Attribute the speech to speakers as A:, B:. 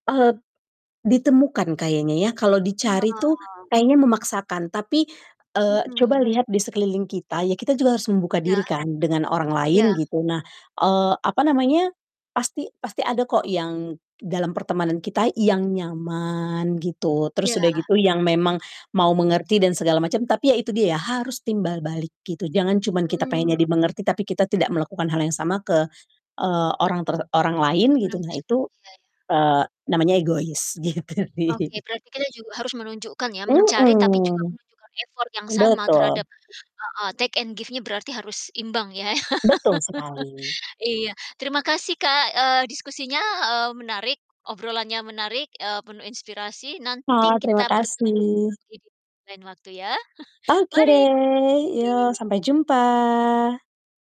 A: Eee t ditemukan kayaknya ya, kalau dicari tuh
B: Oh.
A: kayaknya memaksakan, tapi, eee, coba
B: Mhm.
A: lihat di sekeliling kita, ya kita juga harus membuka
B: Iya.
A: diri kan dengan orang
B: Iya.
A: lain gitu. Nah, eee, apa namanya, pasti pasti ada kok yang dalam pertemanan kita yang nyaman gitu. Terus
B: Iya.
A: udah gitu yang memang mau mengerti dan segala macam tapi ya itu dia ya, harus timbal balik gitu, jangan cuman kita
B: Mmm.
A: pengennya dimengerti tapi kita tidak melakukan hal yang sama ke, eee, orang ter orang lain gitu
B: Orang
A: nah
B: tersebut,
A: itu,
B: Iya iya.
A: eee, namanya egois, gitu
B: Oke
A: sih.
B: berarti kita juga harus menunjukkan ya, mencari tapi juga
A: Mhm,
B: menunjukkan effort yang sama
A: betul.
B: terhadap heeh, take and give-nya berarti harus imbang ya.
A: Betul sekali.
B: Iya, terima kasih Kak, eee, diskusinya, eee, menarik, obrolannya menarik, eee, penuh inspirasi. Nanti
A: Ma terima
B: kita bertemu
A: kasih.
B: lagi di lain waktu ya.
A: Oke deh, yok
B: Mari.
A: sampai jumpa.